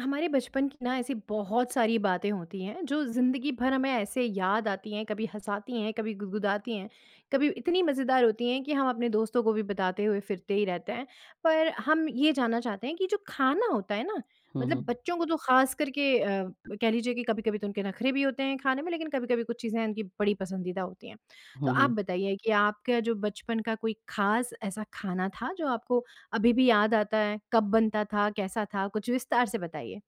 हमारे बचपन की ना ऐसी बहुत सारी बातें होती हैं, जो ज़िंदगी भर हमें ऐसे याद आती हैं, कभी हँसाती हैं, कभी गुदगुदाती हैं, कभी इतनी मज़ेदार होती हैं कि हम अपने दोस्तों को भी बताते हुए फिरते ही रहते हैं। पर हम ये जानना चाहते हैं कि जो खाना होता है ना, हुँ, मतलब हुँ। बच्चों को तो खासकर के अ, ब कह लीजिए कि कभी-कभी तो उनके नखरे भी होते हैं खाने में, लेकिन कभी-कभी कुछ चीज़ें उनकी बड़ी पसंदीदा होती हैं। तो हुँ, आप हुँ। बताइए कि आपके जो बचपन का कोई ख़ास ऐसा खाना था, जो आपको अभी भी याद आता है? कब बनता था? कैसा था? कुछ विस्तार से बताइए।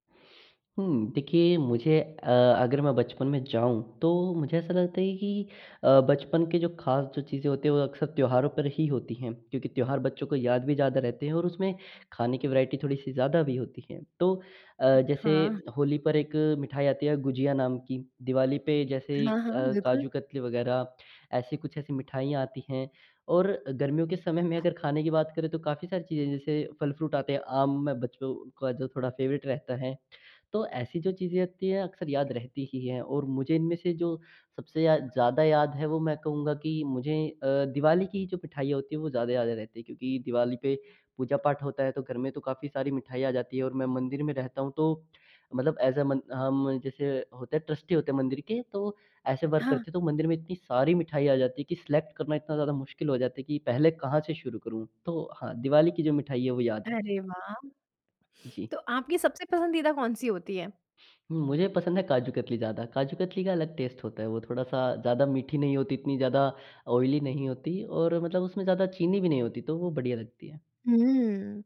हुँ। देखिए, मुझे अ, अगर मैं बचपन में जाऊँ, तो मुझे ऐसा लगता है कि अ, बचपन के जो खास जो चीज़ें होती हैं, वो अक्सर त्योहारों पर ही होती हैं, क्योंकि त्योहार बच्चों को याद भी ज़्यादा रहते हैं और उसमें खाने की वैरायटी थोड़ी-सी ज़्यादा भी होती है। तो अ, जैसे हाँ। होली पर एक मिठाई आती है गुझिया नाम की, दिवाली पे जैसे हाँ, हाँ, अ, बिल्कुल। काजू कतली वगैरह, ऐसी कुछ ऐसी मिठाइयाँ आती हैं और गर्मियों के समय में अगर खाने की बात करें, तो काफ़ी सारी चीज़ें हैं, जैसे फल फ्रूट आते हैं, आम में बच्चों का जो थोड़ा फ़ेवरेट रहता है। तो ऐसी जो चीज़ें होती हैं, अक्सर याद रहती ही हैं और मुझे इनमें से जो सबसे या ज़्यादा याद है, वो मैं कहूँगा कि मुझे अ, दिवाली की जो मिठाइयाँ होती हैं, वो ज़्यादा याद रहती हैं, क्योंकि दिवाली पे पूजा-पाठ होता है, तो घर में तो काफ़ी सारी मिठाइयाँ आ जाती हैं। और मैं मंदिर में रहता हूँ, तो मतलब ऐज़ अ मन हम जैसे होते हैं, ट्रस्टी होते हैं मंदिर के, तो वो ऐसे वर्क करते हाँ। हैं, तो मंदिर में इतनी सारी मिठाई आ जाती हैं कि सिलेक्ट करना इतना ज़्यादा मुश्किल हो जाती है कि, पहले कहाँ से शुरू करूँ? तो हाँ, दिवाली की जो मिठाई है, वो याद है। अरे वाह! जी। तो आपकी सबसे पसंदीदा कौन-सी होती है? मुझे पसंद है काजू कतली ज़्यादा। काजू कतली का अलग टेस्ट होता है, वो थोड़ा-सा ज़्यादा मीठी नहीं होती, इतनी ज़्यादा ऑयली नहीं होती और मतलब उसमे ज़्यादा चीनी भी नहीं होती, तो वो बढ़िया लगती है। हुँ।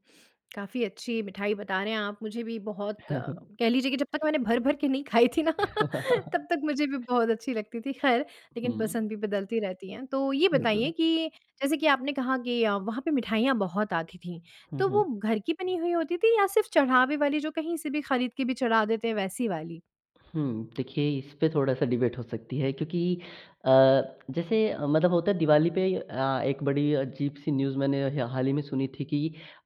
काफ़ी अच्छी मिठाई बता रहे हैं आप, मुझे भी बहुत कह लीजिए कि जब तक मैंने भर-भर के नहीं खाई थी ना, तब तक मुझे भी बहुत अच्छी लगती थी, ख़ैर, लेकिन हुँ। पसंद भी बदलती रहती है। तो ये बताइए बिल्कुल। कि, जैसे कि आपने कहा कि अ, वहाँ पे मिठाइयाँ बहुत आती थीं, हुँ, तो वो हुँ। घर की बनी हुई होती थी या सिर्फ़ चढ़ावे वाली, जो कहीं से भी खरीद के भी चढ़ा देते हैं, वैसी वाली? हुँ। देखिए, इस पे थोड़ा-सा डिबेट हो सकती है क्योंकि अ, जैसे मतलब होता है, दिवाली पे अ, एक बड़ी अजीब-सी न्यूज़ मैंने ह हाल ही में सुनी थी कि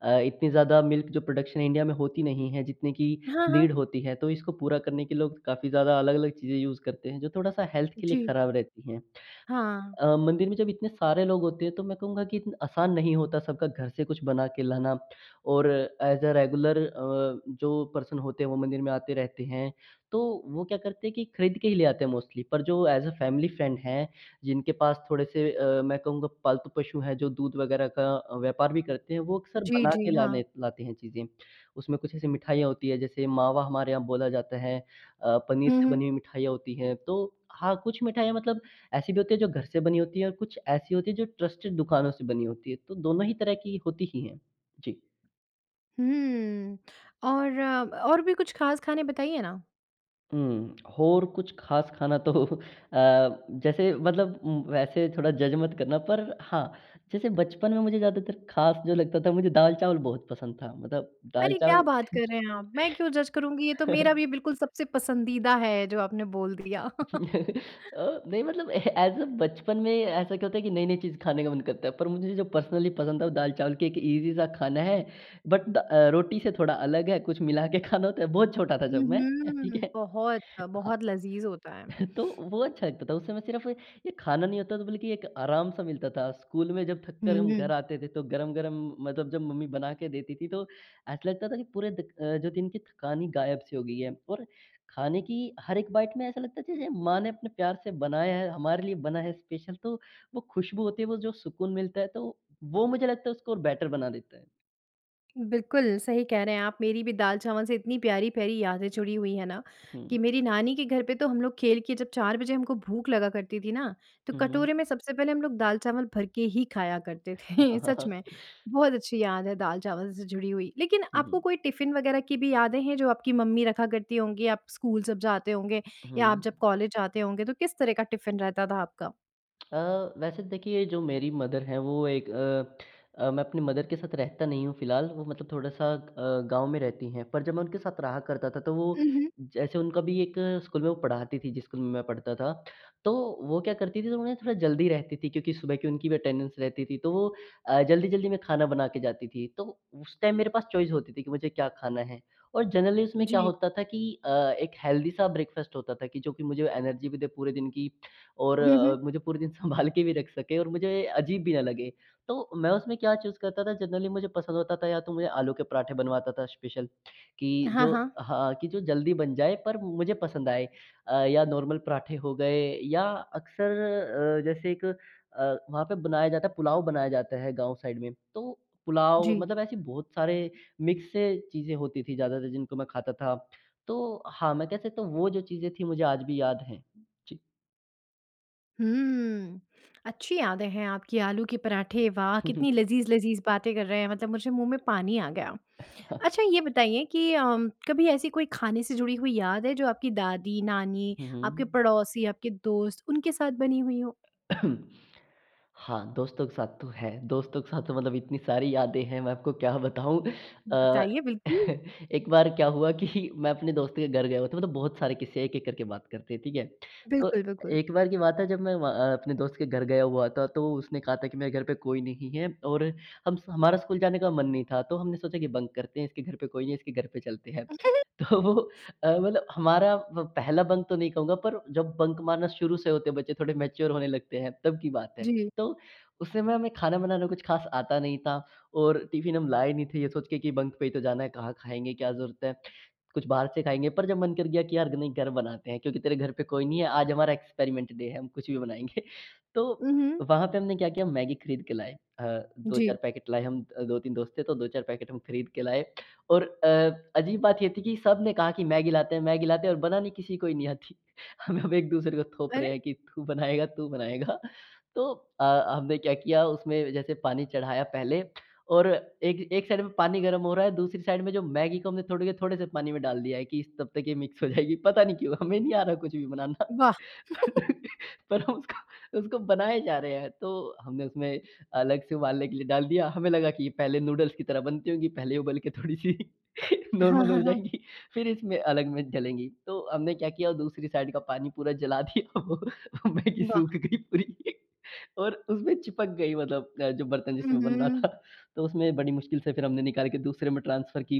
अ, इतनी ज़्यादा मिल्क जो प्रोडक्शन इंडिया में होती नहीं है, जितने की हाँ, हाँ। नीड होती है। तो इसको पूरा करने के लिए लोग काफ़ी ज़्यादा अलग-अलग चीज़ें यूज़ करते हैं, जो थोड़ा-सा हेल्थ के लिए जी। ख़राब रहती हैं। हाँ। अ, मंदिर में जब इतने सारे लोग होते हैं, तो मैं कहूँगा कि, इतना आसान नहीं होता सबका घर से कुछ बना के लाना और ऐज़ अ रेगुलर अ, जो पर्सन होते हैं, वो मंदिर में आते रहते हैं। तो वो क्या करते हैं कि खरीद के ही ले आते हैं मोस्टली, पर जो ऐज़ अ फ़ैमिली फ्रेंड हैं, जिनके पास थोड़े-से अ, मैं कहूँगा पालतू पशु हैं, जो दूध वगैरह का अ, व्यापार भी करते हैं, वो अक्सर जी, बना जी, के हाँ। लाने लाते हैं चीज़ें। उसमें कुछ ऐसी मिठाइयाँ होती हैं, जैसे मावा हमारे यहाँ बोला जाता है अ, पनीर हुँ, से हुँ। बनी हुई मिठाइयाँ होती हैं। तो हाँ, कुछ मिठाइयाँ मतलब ऐसी भी होती हैं, जो घर से बनी होती है और कुछ ऐसी होती हैं, जो ट्रस्टेड दुकानों से बनी होती हैं। तो दोनों ही तरह की होती ही हैं। जी। हम्म, और और भी कुछ ख़ास खाने बताइए ना? हुँ। और कुछ ख़ास खाना तो अ, जैसे मतलब उम, वैसे थोड़ा जज मत करना पर हाँ, जैसे बचपन में मुझे ज़्यादातर ख़ास जो लगता था, मुझे दाल-चावल बहुत पसंद था। मतलब अरे, क्या दाल-चावल बात कर रहे हैं आप? मैं क्यों जज करुँगी, ये तो मेरा भी बिल्कुल सबसे पसंदीदा है जो आपने बोल दिया। अ, नहीं मतलब ऐज़ अ, बचपन में ऐसा क्या होता है कि नई-नई चीज़ खाने का मन करता हैं। पर मुझे जो पर्सनली पसंद था, वो दाल-चावल, कि एक ईज़ी-सा खाना है। बट दा अ, रोटी से थोड़ा अलग है, कुछ मिला के खाना होता है, बहुत छोटा था हुँ, जब मैं अ, हम्म। ठीक है? बहुत अ, हाँ। बहुत लज़ीज़ होता है। तो वो अच्छा लगता था। उस समय सिर्फ़, ये खाना नहीं होता था, बल्कि एक आराम-सा मिलता था। स्कूल में जब हुँ, थककर हम हुँ। घर आते थे, तो गरम-गरम मतलब जब मम्मी बना के देती थी तो ऐसा लगता था कि पूरे दि अ, जो दिन की थकान ही गायब-सी हो गई है। और खाने की हर एक बाइट में ऐसा लगता जैसे माँ ने अपने प्यार से बनाया है, हमारे लिए बना है स्पेशल। तो वो खुशबू होती है, वो जो सुकून मिलता है तो वो मुझे लगता है उसको और बेटर बना देता है। बिल्कुल, सही कह रहे हैं आप। मेरी भी दाल-चावल से इतनी प्यारी-प्यारी यादें जुड़ी हुई हैं ना, हुँ। कि मेरी नानी के घर पे तो हम लोग खेल के जब 4 बजे हमको भूख लगा करती थी ना, तो हुँ, हुँ। कटोरे में सबसे पहले हम लोग दाल-चावल भर के ही खाया करते थे, सच में। बहुत अच्छी याद है दाल-चावल से जुड़ी हुई। लेकिन हुँ, आपको हुँ। कोई टिफ़िन वग़ैरह की भी यादें हैं, जो आपकी मम्मी रखा करती होंगी आप स्कूल जब जाते होंगे या आप जब हुँ। कॉलेज जाते होंगे? तो किस तरह का टिफ़िन रहता था आपका? अ, वैसे देखिए जो मेरी मदर है वो एक अ अ, मैं अपनी मदर के साथ रहता नहीं हूँ फ़िलहाल वो मतलब थोड़ा-सा अ, गाँव में रहती हैं। पर जब मैं उनके साथ रहा करता था, तो वो हुँ, हुँ। जैसे उनका भी 1 स्कूल में वो पढ़ाती थी जिस स्कूल में मैं पढ़ता था। तो वो क्या करती थी तो उन्हें थोड़ा जल्दी रहती थी क्योंकि सुबह की उनकी भी अटेंडेंस रहती थी तो वो अ, जल्दी-जल्दी में खाना बना के जाती थी। तो उस टाइम मेरे पास चॉइस होती थी कि मुझे क्या खाना है? और जनरली उसमें क्या जी। होता था कि अ, एक हेल्दी सा ब्रेकफास्ट होता था कि जो कि मुझे एनर्जी भी दे पूरे दिन की और हुँ, अ, हुँ। मुझे पूरे दिन संभाल के भी रख सके और मुझे अजीब भी न लगे। तो मैं उसमें क्या चूज़ करता था जनरली मुझे पसंद होता था या तो मुझे आलू के पराठे बनवाता था स्पेशल कि हाँ, जो हाँ। हाँ, कि जो जल्दी बन जाए पर मुझे पसंद आए। अ, या नॉर्मल पराठे हो गए या अक्सर अ, जैसे एक अ, वहाँ पे बनाया जाता है पुलाव बनाया जाता है गाँव साइड में तो पुलाव जी। मतलब ऐसे बहुत सारे मिक्स से चीज़ें होती थी ज़्यादातर जिनको मैं खाता था। तो हाँ, मैं कह सकता हूँ वो जो चीज़ें थी मुझे आज भी याद हैं। जी। हुँ। अच्छी यादें हैं आपकी आलू के पराठे वाह! कितनी लज़ीज़-लज़ीज़ बातें कर रहे हैं मतलब मुझे मुँह में पानी आ गया। अच्छा ये बताइए कि अ, कभी ऐसी कोई खाने से जुड़ी हुई याद है जो आपकी दादी, नानी हुँ, आपके हुँ। पड़ोसी, आपके दोस्त उनके साथ बनी हुई हो? हाँ, दोस्तों के साथ तो है। दोस्तों के साथ तो मतलब इतनी सारी यादें हैं मैं आपको क्या बताऊँ। अ, बताइए, बिल्कुल। एक बार क्या हुआ कि मैं अपने दोस्त के घर गया हुआ था। मतलब बहुत सारे किस्से हैं एक-एक करके बात करते हैं ठीक है? तो बिल्कुल, बिल्कुल। 1 बार की बात है जब मैं व अ, अपने दोस्त के घर गया हुआ था तो उसने कहा था कि मेरे घर पे कोई नहीं है और हम स हमारा स्कूल जाने का मन नहीं था तो हमने सोचा कि बंक करते हैं इसके घर पे कोई नहीं है इसके घर पे चलते हैं। तो अ, मतलब हमारा वो पहला बंक तो नहीं कहूँगा पर जब बंक मारना शुरू से होते हैं बच्चे थोड़े मैच्योर होने लगते हैं तब की बात है। जी। तो उस समय हमें खाना बनाना कुछ ख़ास आता नहीं था और टिफिन हम लाए नहीं थे ये सोच के कि बंक पे ही तो जाना है कहाँ खाएँगे क्या ज़रूरत है कुछ बाहर से खाएँगे पर जब मन कर गया यार नहीं घर बनाते हैं क्योंकि तेरे घर पे कोई नहीं है। आज हमारा एक्सपेरिमेंट डे है। हम कुछ भी बनाएँगे। तो हुँ, हुँ। वहाँ पे हमने क्या किया मैगी खरीद के लाए। अ, 2-4 जी। पैकेट लाए। हम 2-3 दोस्त थे तो 2-4 पैकेट खरीद के लाए और अ, अजीब बात ये थी कि सबने कहा कि, "मैगी लाते हैं मैगी लाते हैं" और बनानी किसी को ही नी आती। हम एक-दूसरे को थोप अरे! रहे हैं कि, "तू बनाएगा, तू बनाएगा।" तो अ, हमने क्या किया उसमें जैसे पानी चढ़ाया पहले और एक एक साइड में पानी गरम हो रहा है दूसरी साइड में जो मैगी को हमने तोड़ के थोड़े-से पानी में डाल दिया है कि तब तक ये मिक्स हो जाएगी पता नहीं क्यों हमें नहीं आ रहा कुछ भी बनाना। वाह! पर हम उसको, उसको बनाए जा रहे हैं तो हमने उसमें अलग से उबालने के लिए डाल दिया। हमें लगा कि ये पहले नूडल्स की तरह बनती होगी पहले उबाल के थोड़ी-सी हाँ, नॉर्मल हो हाँ, हाँ। जाएगी फ़िर इसमें अलग में डलेंगी। तो हमने क्या किया दूसरी साइड का पानी पूरा जला दिया वो मैगी सूख वाह! गयी पूरी। और उसमें चिपक गयी मतलब अ, जो बर्तन हुँ, जिसमें बन रहा हुँ। था तो उसमें बड़ी मुश्किल से फ़िर हमने निकाल के दूसरे में ट्रांसफर की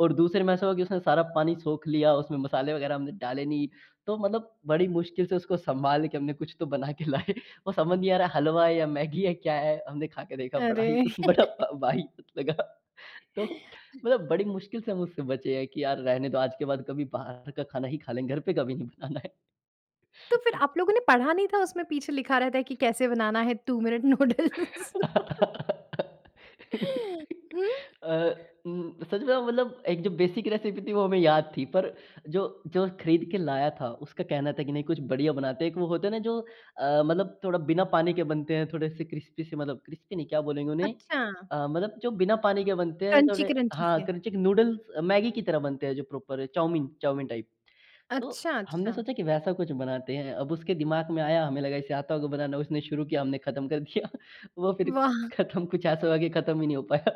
और दूसरे में ऐसा हुआ कि उसने सारा पानी सोख लिया उसमें मसाले वग़ैरह हमने डाले नहीं। तो मतलब बड़ी मुश्किल से उसको सँभाल के हमने कुछ तो बना के लाए और समझ नहीं आ रहा है हलवा है या मैगी है क्या है। हमने खा के देखा बड़ा ही अरे! बड़ा वाहियात लगा तो मतलब बड़ी मुश्किल से हम उससे बचे हैं कि यार रहने दो आज के बाद कभी बाहर का खाना ही खा लेंगे घर पे कभी नहीं बनाना है। तो फ़िर आप लोगों ने पढ़ा नहीं था उसमें पीछे लिखा रहता है कि कैसे बनाना है 2 मिनट नूडल्स? हुँ। अ, उम सच बताऊ मतलब 1 जो बेसिक रेसिपी थी वो हमें याद थी पर जो, जो खरीद के लाया था उसका कहना था कि नहीं कुछ बढ़िया बनाते हैं एक वो होता है ना जो अ, मतलब थोड़ा बिना पानी के बनते हैं थोड़े-से क्रिस्पी से, मतलब क्रिस्पी नहीं, क्या बोलेंगे उन्हें? अच्छा। अ, मतलब जो बिना पानी के बनते हैं थोड़े क्रंची-क्रंची हाँ, से। क्रंचिक नूडल्स मैगी की तरह बनते हैं जो प्रोपर चाउमीन चाउमीन टाइप। तो अच्छा, हमने अच्छा। सोचा कि वैसा कुछ बनाते हैं। अब उसके दिमाग में आया हमें लगा इसे आता होगा बनाना उसने शुरू किया हमने ख़त्म कर दिया। वो फ़िर वाह! खत्म कुछ ऐसा हो गया खत्म ही नहीं हो पाया।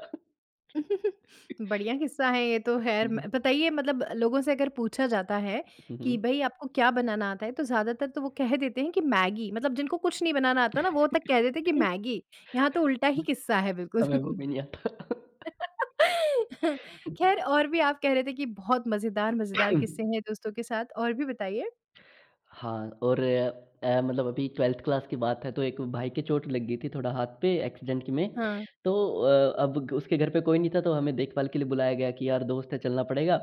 बढ़िया किस्सा है ये तो ख़ैर। हुँ, हुँ। बताइए मतलब लोगों से अगर पूछा जाता है हुँ, हुँ। कि भई आपको क्या बनाना आता है? तो ज़्यादातर तो वो कह देते हैं कि मैगी मतलब जिनको कुछ नहीं बनाना आता है ना वो तक कह देते हैं कि मैगी। यहाँ तो उल्टा ही किस्सा है बिल्कुल। हमें वो भी नहीं आता। ख़ैर और भी आप कह रहे थे कि बहुत मज़ेदार मज़ेदार किस्से हैं दोस्तों के साथ और भी बताइए? हाँ, और अ, मतलब अभी 12th क्लास की बात है तो एक भाई के चोट लग गई थी थोड़ा हाथ पे एक्सीडेंट की में। हाँ। तो अ, अब उसके घर पे कोई नहीं था तो हमें देखभाल के लिए बुलाया गया कि यार दोस्त है चलना पड़ेगा।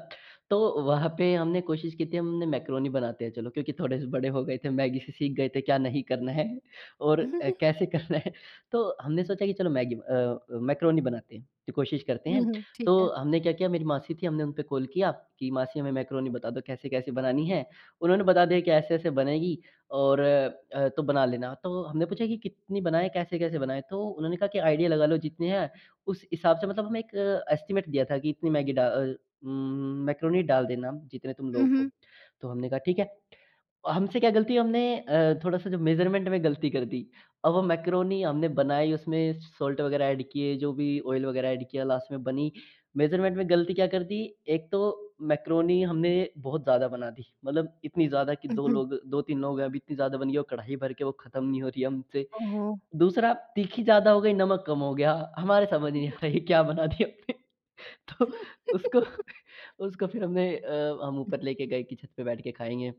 तो वहाँ पे हमने कोशिश की थी हमने मैकरोनी बनाते हैं चलो क्योंकि थोड़े से बड़े हो गए थे, मैगी से सीख गए थे क्या नहीं करना है और कैसे करना है। तो हमने सोचा कि चलो मैगी अ, मैकरोनी बनाते हैं कि कोशिश करते हुँ, हैं। हुँ। ठीक तो है। हमने क्या किया मेरी मासी थी हमने उनपे कॉल किया कि मासी हमें मैकरोनी बता दो कैसे-कैसे बनानी है। उन्होंने बता दिया कि ऐसे-ऐसे बनेगी और अ, तो बना लेना। तो हमने पूछा कि, कितनी बनाए कैसे-कैसे बनाएँ। तो उन्होंने कहा कि, "आइडिया लगा लो जितनी है उस हिसाब से" मतलब हमें एक अ, एस्टिमेट दिया था कि इतनी मैगी डा अ, उम मैकरोनी डाल देना जितने तुम हुँ, लोग हो। हुँ। तो हमने कहा ठीक है। हमसे क्या गलती हमने अ, थोड़ा-सा जो मेज़रमेंट में गलती कर दी और वो मैकरोनी हमने बनाई उसमें साल्ट वग़ैरह एड किये जो भी ऑइल वग़ैरह एड किया लास्ट में बनी मेज़रमेंट में गलती क्या कर दी एक तो मैकरोनी हमने बहुत ज़्यादा बना दी। मतलब इतनी ज़्यादा कि हुँ, 2 हुँ। लोग, 2-3 लोग अब इतनी ज़्यादा बन गई वो कढ़ाई भर के वो खत्म नहीं हो रही हमसे। ओहो! दूसरा तीखी ज़्यादा हो गयी, नमक कम हो गया हमारे समझ ही नहीं आ वाह! रहा क्या बना दिया हमने। तो उसको, उसको फ़िर हमने अ, हम ऊपर लेके गए कि छत पे बैठ के खाएँगे।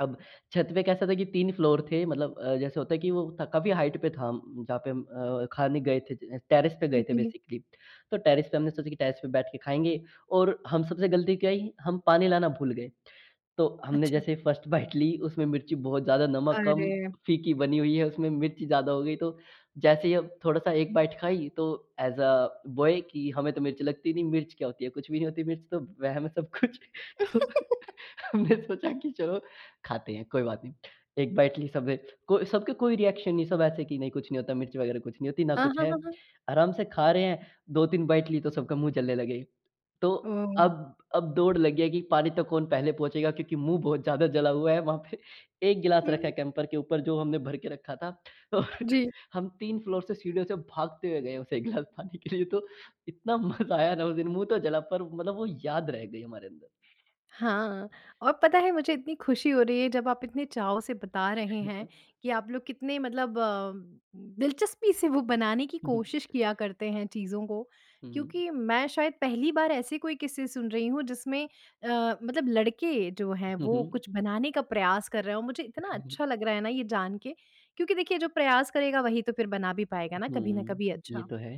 अब छत पे कैसा था कि 3 फ्लोर थे मतलब अ, जैसे होता है कि वो काफ़ी हाइट पे था जहाँ पे अ, खाने गए थे टेरेस पे गए थे उजी। बेसिकली। तो टेरेस पे हमने सोचा कि टेरेस पे बैठ के खाएँगे और हम सबसे गलती क्या आई हम पानी लाना भूल गए। तो हमने अच्छा। जैसे ही 1st बाइट ली उसमें मिर्ची बहुत ज़्यादा, नमक कम, अरे! फीकी बनी हुई है उसमें मिर्ची ज़्यादा हो गयी तो जैसे ही थोड़ा-सा 1 बाइट खाई तो ऐज़ अ, बॉय की हमें तो मिर्च लगती नहीं मिर्च क्या होती है? कुछ भी नहीं होती मिर्च तो वहम है सब कुछ। तो हमने सोचा कि चलो खाते हैं कोई बात नहीं। 1 बाइट ली सबने को सब के कोई रिएक्शन नहीं है सब ऐसे कि नहीं कुछ नहीं होता मिर्च वग़ैरह कुछ नहीं होती ना अ, कुछ हाँ, है। हाँ, हाँ। आराम से खा रहे हैं 2-3 बाइट ली तो सबका मुँह जलने लगे हैं। तो ओह! अब अब दौड़ लगी है कि पानी तक कौन पहले पहुँचेगा क्योंकि मुँह बहुत ज़्यादा जला हुआ है। वहाँ पे 1 गिलास रखा है उ। कैंपर के ऊपर जो हमने भर के रखा था तो जी। हम 3 फ्लोर से सीढ़ियों से भागते हुए गए हैं उस 1 गिलास पानी के लिए तो इतना मज़ा आया था उस दिन। मुँह तो जला पर मतलब वो याद रह गयी हमारे अंदर। हाँ, और पता है मुझे इतनी खुशी हो रही है जब आप इतने चाव से बता रहे हैं [unintelligible] कि आप लोग कितने मतलब अ अ, दिलचस्पी से वो बनाने की हुँ, हुँ। कोशिश किया करते हैं चीज़ों को। हुँ। क्योंकि मैं शायद पहली बार ऐसे कोई किस्से सुन रही हूँ जिसमें अ, मतलब लड़के जो हैं हुँ, वो हुँ। कुछ बनाने का प्रयास कर रहे हों। मुझे इतना अच्छा लग रहा है ना ये जान के क्योंकि देखिए जो प्रयास करेगा वही तो फ़िर बना भी पाएगा ना कभी न हुँ, कभी ये अच्छा। तो है।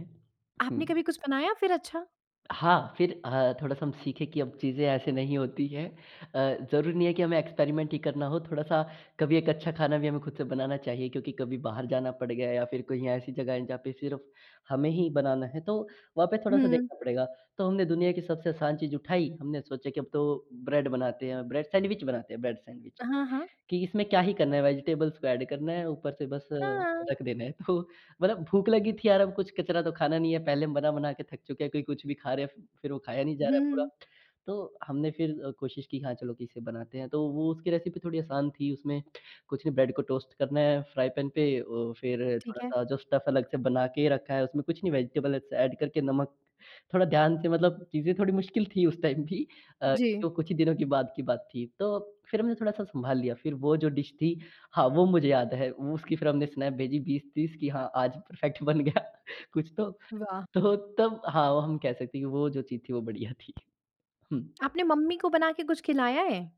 आपने हुँ। कभी कुछ बनाया फ़िर अच्छा? हाँ फ़िर अ, थोड़ा-सा हम सीखें कि अब चीज़ें ऐसी नहीं होती हैं। अ, ज़रूरी नहीं है कि हमें एक्सपेरिमेंट ही करना हो, थोड़ा-सा कभी एक अच्छा खाना भी हमें खुद से बनाना चाहिए क्योंकि कभी बाहर जाना पड़ गया या फ़िर कहीं ऐसी जगह है जहाँ पे सिर्फ़ हमें ही बनाना है तो वहाँ पे थोड़ा-सा हुँ। देखना पड़ेगा। तो हमने दुनिया की सबसे आसान चीज़ उठाई हमने सोचा कि अब तो ब्रेड बनाते हैं। ब्रेड, सैंडविच बनाते हैं। ब्रेड सैंडविच हाँ, हाँ। की इसमें क्या ही करना है वेज़िटेबल्स को एड करना है ऊपर से बस हाँ। रख देना है। तो मतलब भूख लगी थी यार! अब कुछ कचरा तो खाना नहीं है। पहले हम बना-बना के थक चुके हैं, कोई कुछ भी खा रहे हैं फ़िर वो खाया नहीं जा रहा है पूरा। हुँ। तो हमने फ़िर कोशिश की हाँ, चलो कि इसे बनाते हैं। तो वो उसकी रेसिपी थोड़ी आसान थी, उसमें कुछ नहीं ब्रेड को टोस्ट करना है फ्राई पेन पे अ, वो फ़िर ठीक है। थोड़ा-सा जो स्टफ अलग से बना के रखा है। उसमें कुछ नहीं वेजिटेबल अलग से एड करके नमक थोड़ा ध्यान से मतलब चीज़े थोड़ी मुश्किल थी उस टाइम भी अ, जी। जो कुछ ही दिनों के बाद की बात थी। तो फ़िर हमने थोड़ा सा संभाल लिया। फ़िर वो जो डिश थी हाँ वो मुझे याद है उसकी फ़िर हमने स्नैप भेजी 20-30 कि हाँ आज परफेक्ट बन गया कुछ तो। वाह! तो तब हाँ वो हम कह सकते हैं कि वो जो चीज़ थी वो बढ़िया थी। हुँ। आपने मम्मी को बना के कुछ खिलाया है?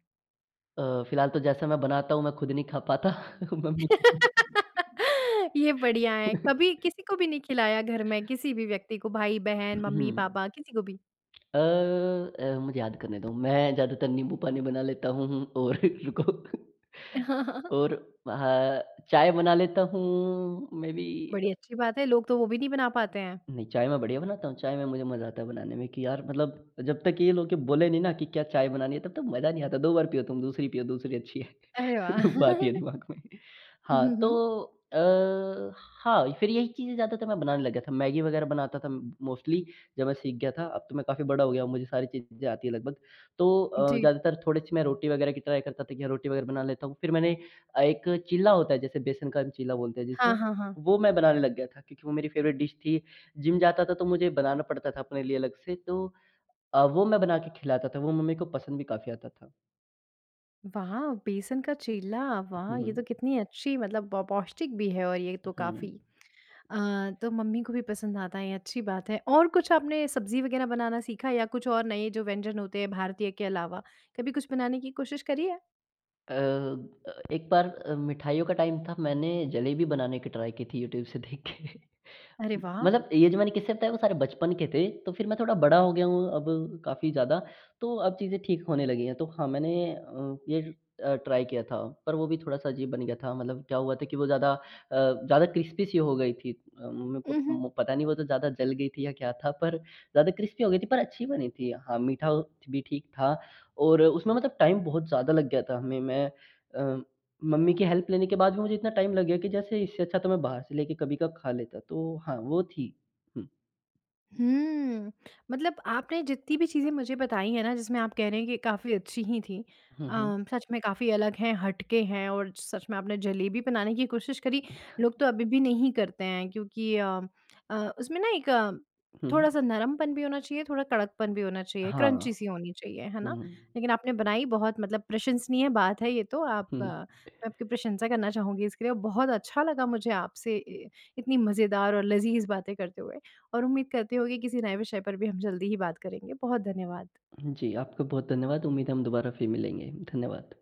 अ, फ़िलहाल तो जैसे मैं बनाता हूँ मैं खुद नहीं खा पाता। मम्मी ये बढ़िया है। कभी किसी को भी नहीं खिलाया घर में? किसी भी व्यक्ति को उ भाई-बहन, उहुँ। मम्मी-पापा किसी को भी? अ अ, मुझे याद करने दो। मैं ज़्यादातर नींबू पानी बना लेता हूँ हूँ और रुको। हाँ, हाँ, हाँ। और म हाँ, चाय बना लेता हूँ। मेबी बड़ी अ अच्छी बात है। लोग तो वो भी नहीं बना पाते हैं। नहीं चाय मैं बढ़िया बनाता हूँ। चाय में मुझे मज़ा आता है बनाने में कि यार मतलब अ, जब तक ये लोग बोले नहीं ना कि क्या चाय बनानी है तब तक मज़ा नहीं आता। 2 बार पियो तुम, दूसरी पियो दूसरी अच्छी है। अरे वाह! वो आती है दिमाग में। अ, हाँ, हुँ, तो हुँ। अ, हाँ, फ़िर यही चीज़ें ज़्यादातर मैं बनाने लग गया था मैगी वग़ैरह बनाता था म मोस्टली जब मैं सीख गया था। अब तो मैं काफ़ी बड़ा हो गया हूँ मुझे सारी चीज़ें आती है लगभग। तो अ, जी। ज़्यादातर थोड़ी-सी मैं रोटी वग़ैरह की ट्राई करता था कि रोटी वग़ैरह बना लेता हूँ फ़िर मैंने अ, एक चीला होता है जैसे बेसन का चीला बोलते हैं हाँ, जिसे। हाँ, हाँ। वो मैं बनाने लग गया था क्योंकि वो मेरी फ़ेवरेट डिश थी। जिम जाता था तो मुझे बनाना पड़ता था अपने लिए अलग से। तो अ, वो मैं बना के खिलाता था वो मम्मी को पसंद भी काफ़ी आता था। वाह! बेसन का चीला। वाह! हुँ, ये तो हुँ। कितनी अच्छी मतलब प पौष्टिक भी है और ये अ, तो काफ़ी। हुँ। अ, तो मम्मी को भी पसंद आता है ये अच्छी बात है। और कुछ आपने सब्ज़ी वग़ैरह बनाना सीखा या कुछ और नए जो व्यंजन होते हैं भारतीय के अलावा कभी कुछ बनाने की कोशिश करी है? अ अ, एक बार अ, मिठाइयों का टाइम था मैंने जलेबी बनाने की ट्राई की थी यूट्यूब से देख के अरे वाह! मतलब ये जो मैंने किस्से बताए वो सारे बचपन के थे। तो फिर मैं थोड़ा बड़ा हो गया हूँ, अब काफ़ी ज़्यादा, तो अब चीज़ें ठीक होने लगी हैं। तो हाँ मैंने अ, ये अ, ट्राई किया था। पर वो भी थोड़ा-सा अजीब बन गया था। मतलब क्या हुआ था कि वो ज़्यादा अ ज़्यादा क्रिस्पी सी हो गई थी। अ, मेरे उ, को हुँ। मो पता नहीं वो तो ज़्यादा जल गई थी या क्या था पर ज़्यादा क्रिस्पी हो गई थी पर अच्छी बनी थी। हाँ, मीठा भी ठीक था, और उसमें मतलब टाइम बहुत ज़्यादा लग गया था। हमें मैं अ, मम्मी की हेल्प लेने के बाद भी मुझे इतना टाइम लग गया कि, जैसे इससे अच्छा तो मैं बाहर से लेकर कभी का खा लेता तो हाँ, वो थी। हुँ। हुँ। मतलब आपने जितनी भी चीज़ें मुझे बताई है ना, जिसमें आप कह रहे हैं कि काफ़ी अच्छी हीं थी। हुँ, अ, हुँ। सच में काफ़ी अलग है, हटके हैं, और सच में आपने जलेबी बनाने की कोशिश करी, लोग तो अभी भी नहीं करते हैं, क्योंकि अम अ, उसमें ना एक हुँ। थोड़ा-सा नरमपन भी होना चाहिए, थोड़ा कड़कपन भी होना चाहिए। क्रंची हाँ। सी होनी चाहिए, है ना? हुँ। लेकिन आपने बनाई बहुत मतलब प्रशंसनीय बात है ये तो, आप हुँ। मैं आपकी प्रशंसा करना चाहूँगी इसके लिए और बहुत अच्छा लगा मुझे आपसे अ, इतनी मज़ेदार और लज़ीज़ बातें करते हुए। और उम्मीद करते हूँ कि किसी नए विषय पर भी हम जल्दी ही बात करेंगे। बहुत धन्यवाद। जी आपका बहुत धन्यवाद। उम्मीद है हम दोबारा फिर मिलेंगे। धन्यवाद।